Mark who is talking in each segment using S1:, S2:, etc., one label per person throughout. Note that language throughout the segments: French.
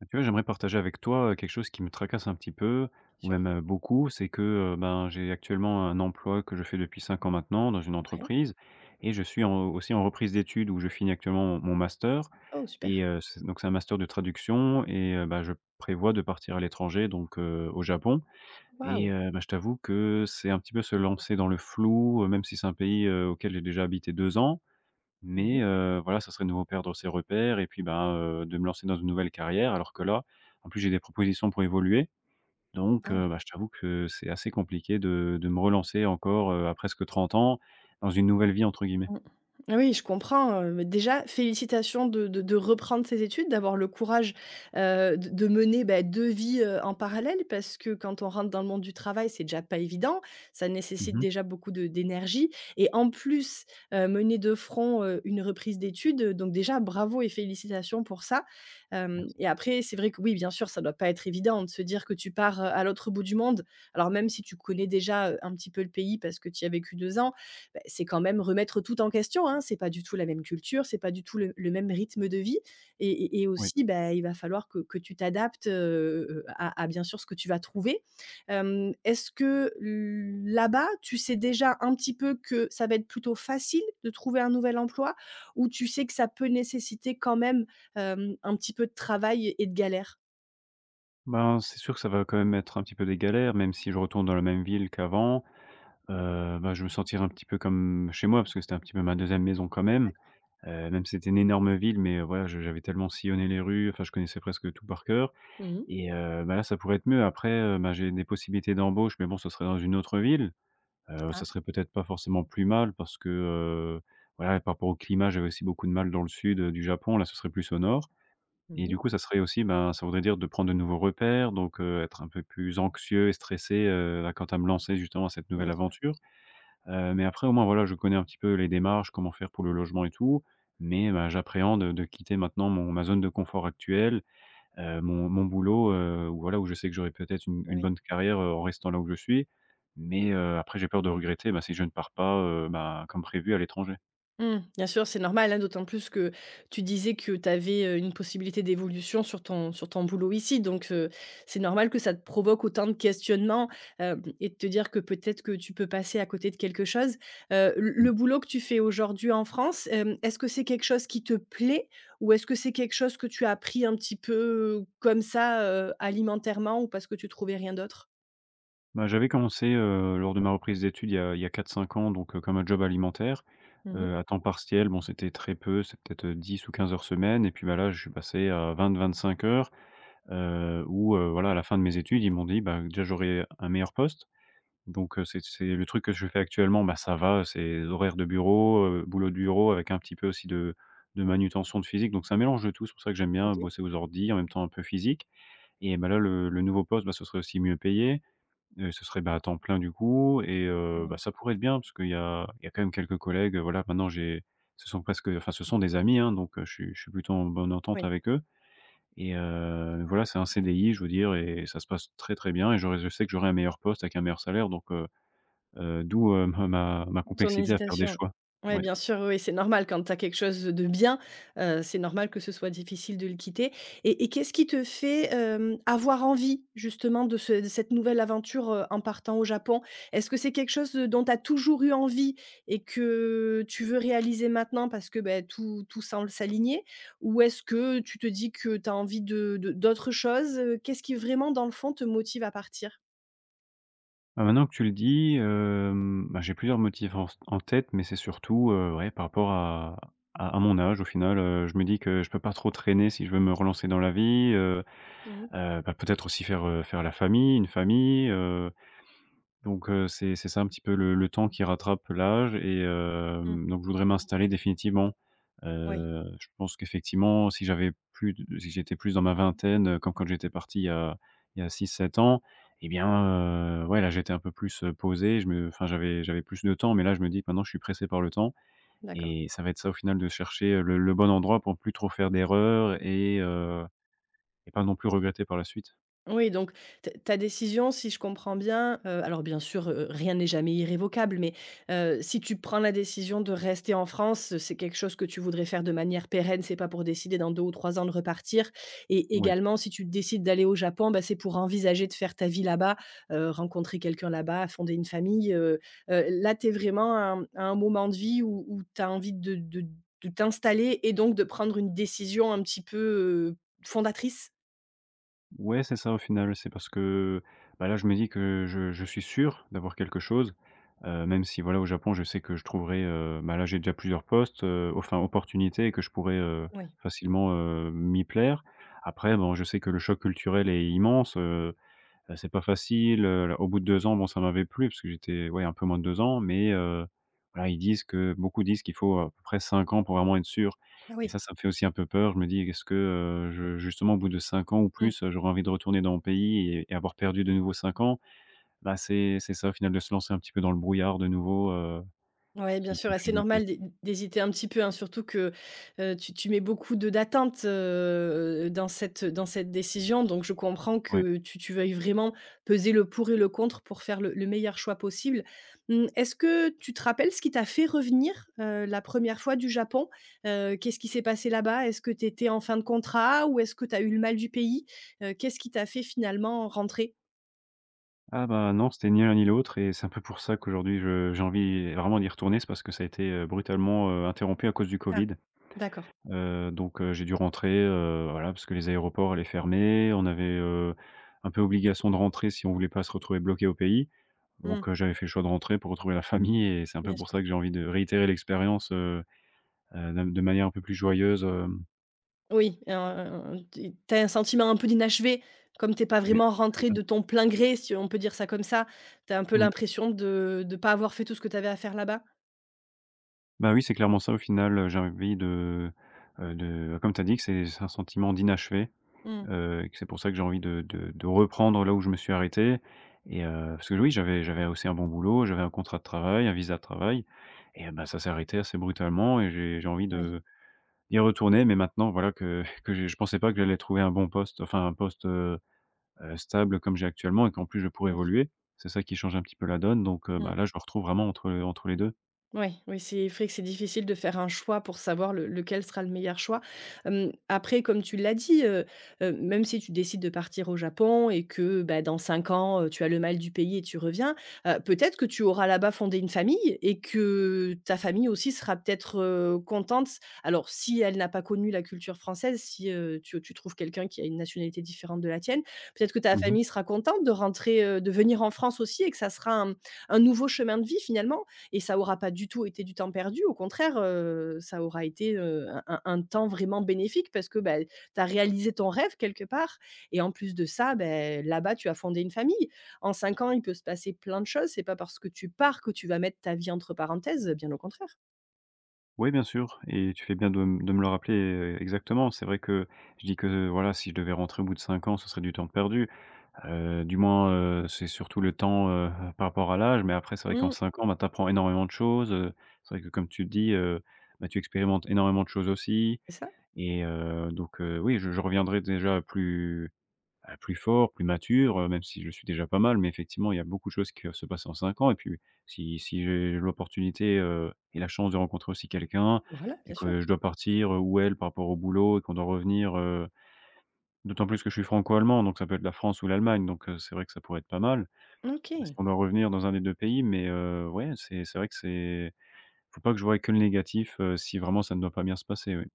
S1: Bah, tu vois, j'aimerais partager avec toi, heu, quelque chose qui me tracasse un petit peu ou
S2: Sûr.
S1: même, heu, beaucoup, c'est que, heu, ben, j'ai actuellement un emploi, que je fais depuis 5 ans maintenant. Dans une
S2: Ouais.
S1: entreprise, et je suis en aussi en reprise d'études, où je finis actuellement mon mon master.
S2: Oh super!
S1: Et heu, c donc c'est un master de traduction, et heu, bah, je prévois de partir à l'étranger donc, heu, au Japon. Et
S2: Waouh!
S1: heu, bah, je t'avoue que, c'est un petit peu se lancer dans le flou, heu, même si c'est un pays, heu, auquel j'ai déjà habité 2 ans.
S2: Mmh
S1: Mais,
S2: mh.
S1: heu, voilà ça serait de nouveau perdre, heu, ses repères, et puis bah, heu, de me lancer dans une nouvelle carrière. Alors que là en plus, j'ai des propositions, pour évoluer donc,
S2: Ah.
S1: heu, bah, je t'avoue que c'est assez compliqué de de me relancer encore, heu, à presque 30 ans dans une «nouvelle vie» entre guillemets.
S2: Mmh, ah oui, je comprends, heu, bah, déjà félicitations de de de reprendre ses études, d'avoir le courage, heu, de de mener, beh, 2 vies, heu, en parallèle. Parce que quand on rentre dans le monde du travail, c'est déjà pas évident. Ça
S1: Mmh
S2: nécessite
S1: mh.
S2: déjà beaucoup de d'énergie et en plus, heu, mener de front, heu, une reprise d'études, heu, donc déjà bravo et félicitations pour ça! Hem,
S1: Merci.
S2: et après, c'est vrai que oui, bien sûr, ça doit pas être évident de se dire, que tu pars, heu, à l'autre bout du monde. Alors, même si tu connais déjà, heu, un petit peu le pays parce que tu y as vécu 2 ans, beh, c'est quand même remettre, heu, tout en question, hein. C'est pas du tout la même culture, c'est pas du tout le le même rythme de vie. Et et et
S1: Oui.
S2: aussi, bah, il va falloir que que tu t'adaptes, heu heu, à à bien sûr ce que tu vas trouver. Hem, est-ce que là-bas, tu sais déjà un petit peu que ça va être plutôt facile de trouver un nouvel emploi? Ou tu sais que ça peut nécessiter quand même, hem, un petit peu de travail et et de galère?
S1: Ben, c'est sûr que ça va quand même être, un petit peu, des galères, même si je retourne dans la même ville qu'avant. Heu, bah, je vais me sentir un petit peu comme chez moi, parce que c'était un petit peu ma 2e maison, quand même.
S2: D'accord.
S1: Heu, même si c'était une énorme ville, mais voilà, je j'avais tellement sillonné les rues, enfin, je connaissais presque tout par cœur,
S2: Mmh mh.
S1: et heu, bah, là, ça pourrait être mieux. Après, heu, bah, j'ai des possibilités d'embauche, mais bon, ce serait dans une autre ville, heu ça
S2: Ah.
S1: serait peut-être pas forcément plus mal, parce que, heu, voilà, par rapport au climat, j'avais aussi beaucoup de mal dans le sud, heu, du Japon, là, ce serait plus au nord. Et
S2: Mmh mh.
S1: du coup, ça serait aussi, ben, ça voudrait dire de prendre de nouveaux repères, donc, heu, être un peu plus anxieux et stressé, heu, à quant à me lancer justement, cette nouvelle
S2: Bien sûr.
S1: aventure. Heu, mais après, au moins, voilà, je connais un petit peu les démarches, comment faire pour le logement et tout, mais, ben, j'appréhende de quitter maintenant mon ma zone de confort actuelle. Heu, mon mon boulot, heu, voilà, où je sais que j'aurais, peut-être, une une
S2: Oui.
S1: bonne carrière, heu, en restant là où je suis, mais, heu, après j'ai peur de regretter, bah, si je ne pars pas, heu, bah, comme prévu à l'étranger.
S2: Mmh. Bien sûr, c'est normal, hein. D'autant plus, que tu disais, que tu avais, heu, une possibilité d'évolution, sur ton sur ton boulot, ici. Donc, heu, c'est normal que ça te provoque autant de questionnements, heum, et de te dire que, peut-être que tu peux passer à côté de quelque chose. Heu, le
S1: Mmh.
S2: le boulot que tu fais aujourd'hui en France, hem, est-ce que c'est quelque chose qui te plaît? Ou est-ce que c'est quelque chose que tu as pris un petit peu, comme ça, heu, alimentairement, ou parce que tu trouvais rien d'autre?
S1: Bah, j'avais commencé, heu, lors de ma reprise d'études il y a il y a 4-5 ans donc, heu, comme un job alimentaire,
S2: Mmh mh.
S1: heu, à temps partiel bon c'était très peu, c'est peut-être 10 ou 15 heures semaine et puis, bah, là je suis passé à 20-25 heures, heu, où, heu, voilà à la fin de mes études, ils m'ont dit, bah, heu, déjà j'aurais un meilleur poste donc, heu, c'est c'est le truc que je fais actuellement, bah, ça va, c'est des horaires de bureau, heu, boulot de bureau avec un petit peu aussi de de manutention de physique donc ça mélange de tout, c'est pour ça que j'aime bien
S2: OK.
S1: bosser aux ordis en même temps un peu physique. Et bah, là, le le nouveau poste, bah, ce serait aussi mieux payé. Heu, ce serait, bah, à temps plein du coup et heu, bah,
S2: Oui.
S1: ça pourrait être bien parce qu'il y a il y a quand même quelques collègues, heu, voilà maintenant j'ai ce sont presque enfin ce sont des amis, hein donc je suis je suis plutôt en bonne entente
S2: Oui.
S1: avec eux. Et heu, voilà c'est un CDI je veux dire et ça se passe très, très bien et j'aurais je sais que j'aurais un meilleur poste avec un meilleur salaire donc, heu heu, d'où, heu, m ma
S2: Ton
S1: complexité à faire des
S2: hésitation
S1: choix.
S2: ouais,
S1: Ouais.
S2: bien sûr, oui, oui, c'est normal quand tu as quelque chose de bien, heu, c'est normal que ce soit difficile de le quitter. Et et qu'est-ce qui te fait, hem, avoir envie justement de ce de cette nouvelle aventure, heu, en partant au Japon? Est-ce que c'est quelque chose, heu, dont tu as toujours eu envie et que tu veux réaliser maintenant parce que, beh, tout tout semble s'aligner ou est-ce que tu te dis que tu as envie de de d'autres choses? Qu'est-ce qui vraiment dans le fond, te motive à partir?
S1: Bah, maintenant que tu le dis, hem, bah, j'ai plusieurs motifs en s en tête, mais c'est surtout, heu, ouais par rapport à à à mon âge, au final, heu. Je me dis que je peux pas trop traîner, si je veux me relancer dans la vie, heu.
S2: Mmh mh.
S1: Heu, bah, peut-être aussi faire, heu, faire la famille, une famille, heu. Donc, heu, c'est c'est ça, un petit peu le le temps qui rattrape l'âge et
S2: Mmh.
S1: hem, donc je voudrais m'installer définitivement.
S2: Oui.
S1: Heu, je pense qu'effectivement, si j'avais plus de si j'étais plus dans ma vingtaine, heu, comme quand j'étais parti il y a il y a 6-7 ans et bien, heu, ouais là j'étais un peu plus, heu, posé je me enfin, j'avais j'avais plus de temps mais, là, je me dis maintenant je suis pressé par le temps
S2: D'accord.
S1: et ça va être ça au final, de chercher le le bon endroit pour ne plus trop faire d'erreurs et heu et pas non plus regretter par la suite.
S2: Oui, donc ta ta décision, si je comprends bien, heu alors bien sûr, heu, rien n'est jamais irrévocable, mais, heu, si tu prends la décision de rester en France, c'est quelque chose que tu voudrais faire de manière pérenne, c'est pas pour décider dans 2 ou 3 ans de repartir et
S1: Ouais.
S2: également, si tu décides d'aller au Japon, ben, c'est pour envisager de faire ta vie là-bas, heu, rencontrer quelqu'un là-bas, fonder une famille, heu heu. Là, tu es vraiment à un à un moment de vie où où tu as envie de de de t'installer et donc de prendre une décision un petit peu, heu, fondatrice?
S1: Ouais c'est ça au final, oui. C'est parce que, bah, là je me dis que je je suis sûr d'avoir quelque chose, heu même si voilà au Japon je sais que je trouverai, heu, ben, là j'ai déjà plusieurs postes, heu, enfin opportunités et que je pourrai, heu,
S2: Oui.
S1: facilement, heu, m'y plaire. Après bon je sais que le choc culturel est immense, heu heu, c'est pas facile, heu, l au bout de 2 ans bon ça m'avait plu parce que j'étais ouais un peu moins de 2 ans mais, heu, voilà ils disent que beaucoup disent qu'il faut, heu, à peu près 5 ans pour vraiment être sûr
S2: Ah
S1: et
S2: oui.
S1: ça ça me fait aussi un peu peur. Je me dis: «Qu est-ce que, heu, je justement au bout de 5 ans ou
S2: Mmh.
S1: plus, heu, j'aurais envie de retourner dans mon pays et et avoir perdu de nouveau 5 ans?» Bah, c'est c'est ça au final de se lancer un petit peu dans le brouillard de nouveau, heu,
S2: Ouais, bien
S1: qui qui
S2: sûr
S1: me
S2: et
S1: fait
S2: c'est
S1: douter.
S2: normal d'hé d'hésiter un petit peu, hein, surtout que, heu, tu tu mets beaucoup de d'attente, heu, dans cette, heu, dans cette décision. Donc, je comprends
S1: Ouais.
S2: que tu tu veuilles vraiment peser le pour et le contre pour faire le le meilleur choix possible. Mmh, est-ce que tu te rappelles ce qui t'a fait revenir heu, la 1re fois du Japon? Heu, qu'est-ce qui s'est passé là-bas? Est-ce que tu étais en fin de contrat ou est-ce que tu as eu le mal du pays? Heu, qu'est-ce qui t'a fait finalement rentrer?
S1: Ah, bah, non, c'était ni l'un, ni l'autre, et c'est un peu pour ça qu'aujourd'hui, je j'ai envie vraiment d'y retourner, c'est parce que ça a été, heu, brutalement, heu, interrompu à cause du
S2: Ah.
S1: Covid.
S2: D'accord.
S1: Heu, donc, heu, j'ai dû rentrer, heu, voilà parce que les aéroports allaient fermer, on avait, heu, un peu obligation de rentrer si on voulait pas se retrouver bloqué au pays.
S2: Mmh.
S1: Donc, heu, j'avais fait le choix de rentrer pour retrouver la famille, et c'est un peu
S2: Bien
S1: pour
S2: sûr.
S1: ça que j'ai envie de réitérer l'expérience, heu, heu, de m de manière un peu plus joyeuse, hem
S2: Oui, un un un un ti tu as un sentiment un peu d'inachevé, comme tu es pas
S1: Oui,
S2: vraiment
S1: c'est
S2: rentré
S1: ça.
S2: de ton plein gré, si on peut dire ça comme ça. Tu as un peu
S1: Mmh.
S2: l'impression de de pas avoir fait tout ce que tu avais à faire là-bas?
S1: Bah, oui, c'est clairement ça, au final, heu, j'ai envie de, heu, de, comme tu as dit, que c'est c'est un sentiment d'inachevé.
S2: Mmh.
S1: Heu, et que c'est pour ça, que j'ai envie de de de reprendre là où je me suis arrêté. Et heu, parce que l oui, j'avais j'avais aussi un bon boulot, j'avais un contrat de travail, un visa de travail, et heu, bah, ça s'est arrêté assez brutalement et j'ai j'ai envie
S2: Oui.
S1: de d'y retourner, mais maintenant voilà que que je je pensais pas que j'allais trouver un bon poste, enfin un poste, heu heu, stable comme j'ai actuellement, et qu'en plus je pourrais
S2: Bien sûr.
S1: évoluer, c'est ça qui change un petit peu la donne, donc, heu,
S2: Mmh.
S1: bah, là, je me retrouve vraiment entre entre les 2.
S2: Ouais, oui, c'est vrai que c'est difficile de faire un choix pour savoir le lequel sera le meilleur choix. Hem, après, comme tu l'as dit, heu heu, même si tu décides de partir au Japon et que, bah, dans 5 ans, heu, tu as le mal du pays et tu reviens, heu, peut-être que tu auras là-bas fondé une famille et que ta famille aussi sera peut-être, heu, contente- alors, si elle n'a pas connu la culture française, si, heu, tu, heu, tu trouves quelqu'un qui a une nationalité différente de la tienne- peut-être que ta
S1: Mmh mh.
S2: famille sera contente de rentrer, heu, de venir en France aussi et que ça sera un, mmh, un nouveau chemin de vie finalement. Et ça aura pas du tout été du temps perdu. Au contraire, heu, ça aura été, heu, un un un temps vraiment bénéfique parce que, bah, tu as réalisé ton rêve quelque part et en plus de ça, beh, là-bas, tu as fondé une famille. En 5 ans, il peut se passer plein de choses, c'est pas parce que tu pars que tu vas mettre ta vie entre parenthèses, bien au contraire.
S1: Ouais, bien sûr et tu fais bien de m de me le rappeler e e exactement, c'est vrai que je dis que voilà si je devais rentrer au bout de 5 ans, ce serait du temps de perdu. Heu, du moins, heu, c'est surtout le temps, heu heu, par rapport à l'âge, mais après c'est vrai qu'en
S2: Mmh.
S1: 5 ans ben tu apprends énormément de choses, heu, c'est vrai que comme tu le dis, heu, ben, tu expérimentes énormément de choses aussi
S2: C'est ça.
S1: et heu, donc, heu, oui je je reviendrai déjà plus, bah, plus fort, plus mature, heu, même si je le suis déjà pas mal, mais effectivement il y a beaucoup de choses qui peuvent se passer en 5 et puis si si j'ai l'opportunité, heu, et la chance de rencontrer aussi quelqu'un
S2: Voilà,
S1: et
S2: bien sûr.
S1: que je dois partir, heu, où elle par rapport au boulot et qu'on doit revenir, heu- d'autant plus que je suis franco-allemand donc ça peut être la France ou l'Allemagne- donc, heu, c'est vrai que ça pourrait être pas mal.
S2: Mmh,
S1: Mais si
S2: OK.
S1: on doit revenir dans un des 2 pays mais, heu, ouais c'est c'est vrai que c'est faut pas que je voie que le négatif, heu, si vraiment ça ne doit pas bien se passer, oui.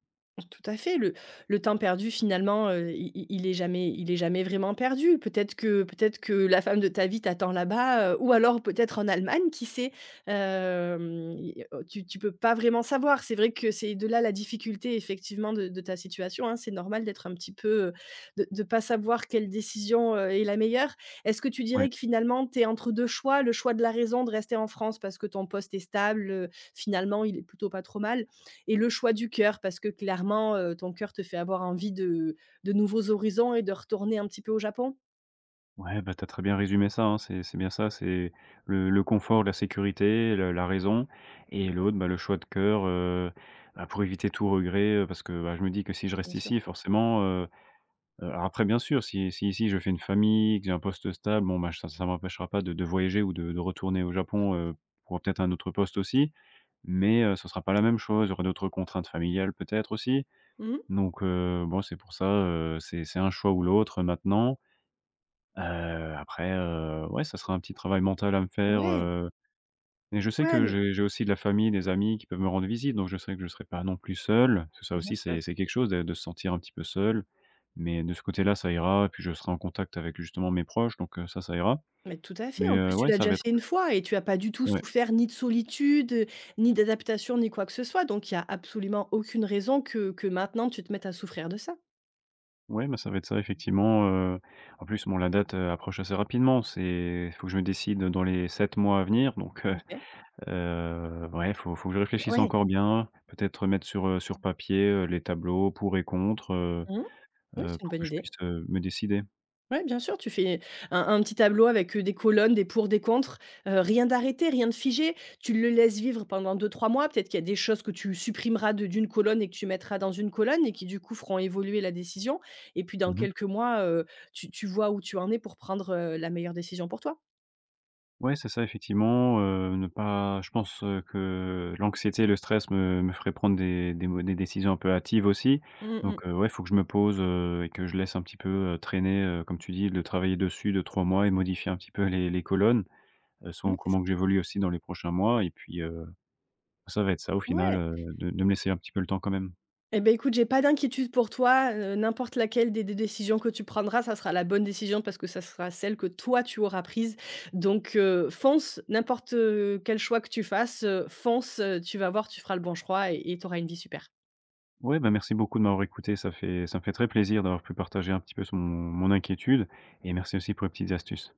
S2: Tout à fait, le le temps perdu finalement, heu, i i i il est jamais il est jamais vraiment perdu. Peut-être que peut-être que la femme de ta vie t'attend là-bas, heu, ou alors peut-être en Allemagne, qui sait, hem, il y a, heu, tu tu peux pas vraiment savoir. C'est vrai que c'est de là, la difficulté effectivement de de ta situation, hein. C'est normal d'être un petit peu, heu, de de pas savoir quelle décision, heu, est la meilleure. Est-ce que tu
S1: Oui.
S2: dirais que finalement tu es entre 2 choix, le choix de la raison de rester en France parce que ton poste est stable, finalement, il est plutôt pas trop mal. Et le choix du coeur parce que clairement, heu, ton coeur te fait avoir envie de de nouveaux horizons et de retourner un petit peu au Japon?
S1: Ouais, ben, tu as très bien résumé ça, hein, c'est c'est bien ça, c'est le le confort de la sécurité, le la raison et l'autre, ben, le choix de cœur, heu, bah, pour éviter tout regret, heu parce que, bah, je me dis que si je reste
S2: Bien sûr.
S1: ici forcément, heu heu alors après, bien sûr si si ici je fais une famille que j'ai un poste stable, bon ben, j ça ça m'empêchera pas de de voyager ou de de retourner au Japon, heu,
S2: [unintelligible]
S1: pour peut-être un autre poste, aussi. Mais, heu, ce sera pas la même chose, il y aura d'autres contraintes familiales, peut-être aussi,
S2: Mmh mh.
S1: donc, heu, bon, c'est pour ça, heu, c'est c'est un choix ou l'autre maintenant. Heu, après, heu, ouais, ça sera un petit travail mental à me faire,
S2: Ouais!
S1: heu, mais je sais
S2: Ouais,
S1: que
S2: mais
S1: j'ai j'ai aussi de la famille, des amis, qui peuvent me rendre visite, donc je sais que je serai pas non plus seul. Parce que ça,
S2: Bien
S1: aussi,
S2: sûr.
S1: c'est c'est quelque chose dè de se sentir un petit peu seul, mais de ce côté là, ça ira, puis je serai en contact avec justement mes proches, donc, heu, ça, ça ira.
S2: Mais tout à fait,
S1: Mais,
S2: en
S1: heu,
S2: plus, tu
S1: ouais,
S2: l'as
S1: ça
S2: déjà
S1: va être
S2: fait une fois, et tu as pas du tout
S1: Ouais.
S2: souffert, ni de solitude, heu, ni d'adaptation, ni quoi que ce soit. Donc, il y a absolument aucune raison que que maintenant, tu te mettes à souffrir de ça.
S1: Ouais, mais ça va être ça, effectivement, heu, en plus, bon, la date, heu, approche assez rapidement, c'est il faut que je me décide dans les 7 mois à venir, donc, heu,
S2: OK.
S1: heu, ouais, faut faut que je réfléchisse
S2: Ouais!
S1: encore bien, peut-être, mettre sur, heu, sur papier, heu, les tableaux pour et contre, heu
S2: Mmh mh. Oui,
S1: heu,
S2: c'est une
S1: pour
S2: bonne
S1: que je
S2: idée.
S1: puisse, heu, me décider.
S2: Ouais, bien sûr, tu fais, un un petit tableau avec, heu, des colonnes, des pour, des contre. Heu, rien d'arrêté, rien de figé, tu le laisses vivre pendant 2-3 mois, peut-être qu'il y a des choses que tu supprimeras de d'une colonne et que tu mettras dans une colonne et qui, du coup, feront évoluer la décision. Et puis dans
S1: Mmh mh.
S2: quelques mois, heu, tu tu vois où tu en es pour prendre, heu, la meilleure décision pour toi.
S1: Ouais, c'est ça, effectivement, heu, ne pas je pense, heu, que l'anxiété et le stress me me feraient prendre des des mau des décisions un peu hâtives aussi,
S2: Mmh mh.
S1: donc, heu, ouais, il faut que je me pose, heu, et que je laisse un petit peu, heu, traîner, heu, comme tu dis, de travailler dessus 2-3 mois et modifier un petit peu les les colonnes, heu, selon
S2: Moui, c'est
S1: comment que
S2: ça.
S1: j'évolue aussi dans les prochains mois et puis, heu. Ça va être ça, au final,
S2: Mouais!
S1: heu, de de me laisser un petit peu le temps, quand même.
S2: Eh beh, écoute, j'ai pas d'inquiétude pour toi, heu, n'importe laquelle des des décisions que tu prendras, ça sera la bonne décision parce que ça sera celle que toi, tu auras prise. Donc, heu, fonce! N'importe, heu, quel choix que tu fasses, heu, fonce! Heu, tu vas voir, tu feras le bon choix et et tu auras une vie super.
S1: Ouais, ben merci beaucoup de m'avoir écouté, ça fait ça me fait très plaisir d'avoir pu partager un petit peu son mon inquiétude et merci aussi pour les petites astuces.